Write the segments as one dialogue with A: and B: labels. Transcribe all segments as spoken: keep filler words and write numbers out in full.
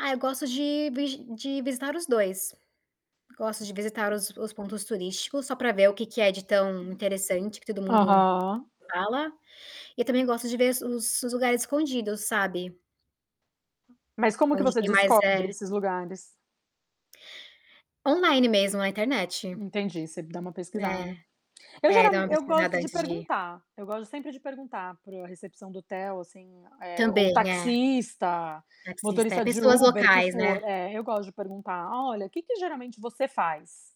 A: Ah, eu gosto de vigi de visitar os dois. Gosto de visitar os os pontos turísticos, só pra ver o que que é de tão interessante, que todo mundo
B: Aham.
A: fala. E, também, gosto de ver os os lugares escondidos, sabe.
B: Mas como que
A: Onde
B: você
A: tem mais,
B: descobre,
A: é
B: esses lugares?
A: Online mesmo, a internet.
B: Entendi, você dá uma
A: É.
B: pesquisada. Eu gera
A: É, dar uma
B: eu
A: pesquisada
B: gosto de
A: antes de ir.
B: perguntar, eu gosto sempre de perguntar para o a recepção do hotel, assim, eh, ou
A: Também, é.
B: taxista,
A: Taxista, é,
B: motorista de
A: pessoas
B: Uber que
A: locais, né.
B: for, é, eu gosto de perguntar: "Olha, o que que geralmente você faz,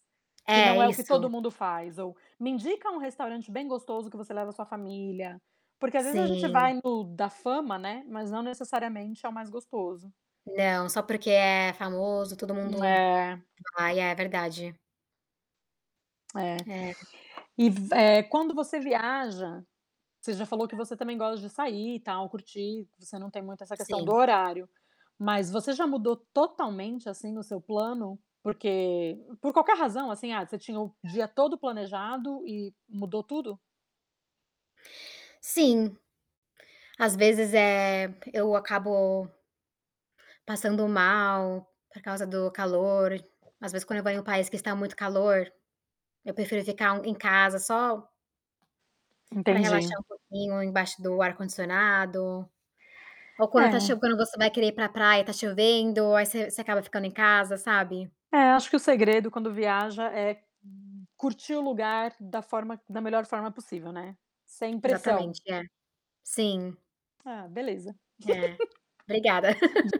B: que não
A: É,
B: é o que
A: isso.
B: todo mundo faz?". Ou: "Me indica um restaurante bem gostoso, que você leva sua família". Porque às vezes a gente
A: Sim.
B: vai no "da fama", né, mas não necessariamente é o mais gostoso.
A: Não, só porque é famoso, todo mundo
B: É.
A: vai, é verdade.
B: É,
A: É.
B: e v eh, quando você viaja você já falou que você também gosta de sair, tal, curtir, você não tem muito essa questão do
A: Sim.
B: horário, mas você já mudou totalmente, assim, o seu plano porque por qualquer razão, assim, ah, você tinha o dia todo planejado e mudou tudo?
A: Sim. Às vezes, eh, eu acabo passando mal por causa do calor. [unintelligible] Às vezes, quando eu vou em um país que está muito calor, eu prefiro ficar, hum, em casa só pra
B: Entendi.
A: relaxar um pouquinho, embaixo do ar-condicionado, ou quando tá
B: É.
A: chov quando você vai querer ir pra praia, tá chovendo, aí você você acaba ficando em casa, sabe?
B: É, acho que o segredo quando viaja, é curtir o lugar da forma da melhor forma possível, né, sem pressão.
A: Exatamente, é, sim.
B: Ah, beleza.
A: É, obrigada.
B: Di